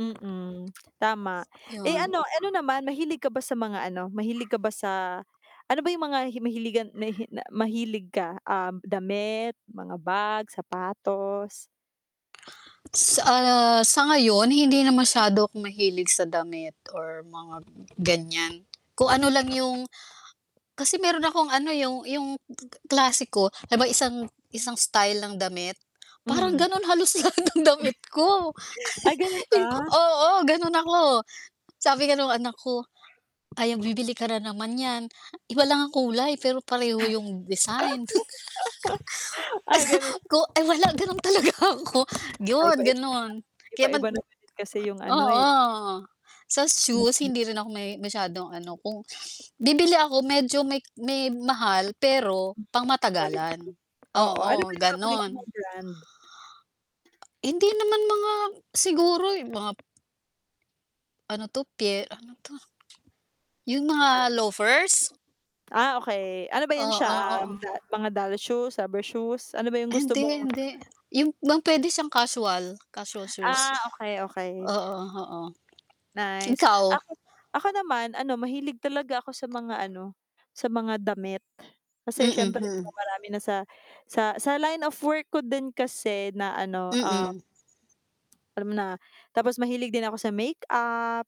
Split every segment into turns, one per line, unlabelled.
Mm, tama. Eh,
'Yon.
ano ano naman, mahilig ka ba sa mga ano, mahilig ka ba sa ano ba 'yong mga hi mahiligan nahi na mahilig ka, um, damit, mga bag, sapatos?
Sa, ah, sa ngayon hindi na masyado akong mahilig sa damit or mga ganiyan. Kung ano lang 'yong kasi mayro'n akong ano, 'yong 'yong g g klase ko na ba isang isang style ng damit. Parang
Hmm.
gano'n halos lahat ng damit ko.
Ah, gano'n
'Yong
ba?
oo, gano'n ako. Sabi nga no'ng anak ko, "Ayan, bibili ka na naman niyan. Iba lang ang kulay, pero pareho 'yong design."
Ah, gano'n
Ko ay wala gano'n talaga ako.
Ay,
'Yon
paiba-iba naman
gano'n,
iba
kaya man
iba naman din kasi 'yong ano, eh
oo, sa shoes
Mm.
hindi rin ako me masyadong ano, kung bibili ako medyo may k may mahal, pero
Quality,
pangmatagalan.
oo. Ano ba
Oo,
'yong paborito
gano'n.
mong brand?
Hindi naman mga siguro 'yong mga ano 'to pye ano 'to? 'Yong
Ha?
mga loafers?
Ah, okey. Ano ba 'yan
Oo,
siya,
oo.
um, da mga doll shoes, rubber shoes? Ano ba 'yong gusto
Hindi,
mong
hindi 'yong bang puwede siyang casual, casual shoes
Ah, okey, okey.
oo, oo.
Nice.
Ikaw?
Ako ako naman, ano, mahilig talaga ako sa mga, ano, sa mga damit. Kasi
Mm,
siyempre 'di ba
mm.
marami na sa sa sa line of work ko din kasi na, ano, um
Mm.
alam mo na. Tapos mahilig din ako sa makeup,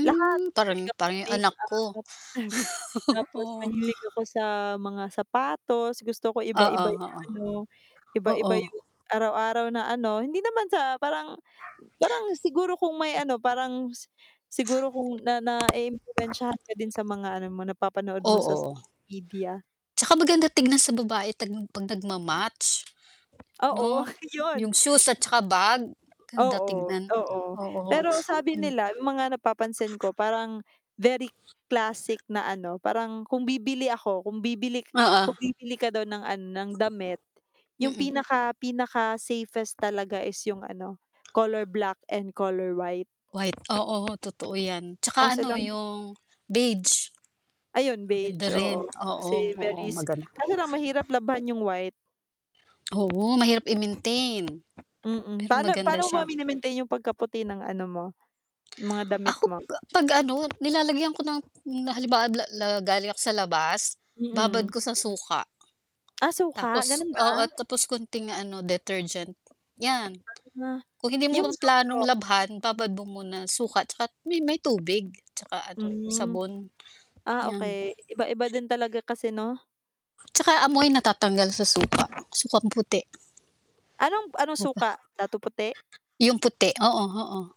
lahat, mahilig
parang
ako sa
parang 'yong anak
makeup
ko.
tapos
Oo.
mahilig ako sa mga sapatos. Gusto ko
Oo,
iba-iba 'yong ano
oo, oo.
iba-iba 'yong araw-araw na ano hindi naman sa parang m parang siguro kung may ano, parang si siguro kung na na-iimpluwensyahan ka din sa mga ano mo, napapanood mo
Oo,
sa
oh.
social media.
'Tsaka maganda tignan sa babae tagn 'pag nagma-match,
Oo,
'no,
'yon.
'yong shoes at saka bag, ganda
Oo,
tignan
oo.
oo,
Pero sabi
hmm.
nila, 'yong mga napapansin ko parang very classic na ano, parang kung bibili ako kung bibili k
Oo.
kung bibili ka daw ng, ano, ng damit 'yong
Mm.
pinaka pinaka safest talaga is 'yong ano, color black and color white.
White. Oo, totoo 'yan. 'Tsaka
Kaso
ano,
lang
'yong beige.
Ayun,
Maganda
beige,
rin,
oo.
oo,
Kasi
oo,
very s
maganda.
kaso lang mahirap labhan 'yong white.
Oo, mahirap i-maintain.
Mm,
Pero
pa'no
maganda
paano mo ba
siya.
mine-maintain 'yong pagkaputi ng ano mo, mga damit
Ako
mo?
ka 'pag, ano, nilalagyan ko ng na halibawa lab la galing ako sa labas, babad
Mm.
ko sa suka.
Ah, suka,
Tapos
gano'n
oo,
ba?
tapos kaunting ano, detergent 'yan.
Ano na
Kung hindi mo
yung
pa planong
Zonrox?
labhan, babad mo muna suka 'tsaka t may may tubig 'tsaka, ano,
Hmm.
sabon,
Ah,
'yan.
okey, iba-iba din talaga kasi 'no?
'Tsaka amoy. Natatanggal sa suka, sukang puti.
Anong b anong
Mo pa
suka? Datu Puti?
'Yung puti oo, oo.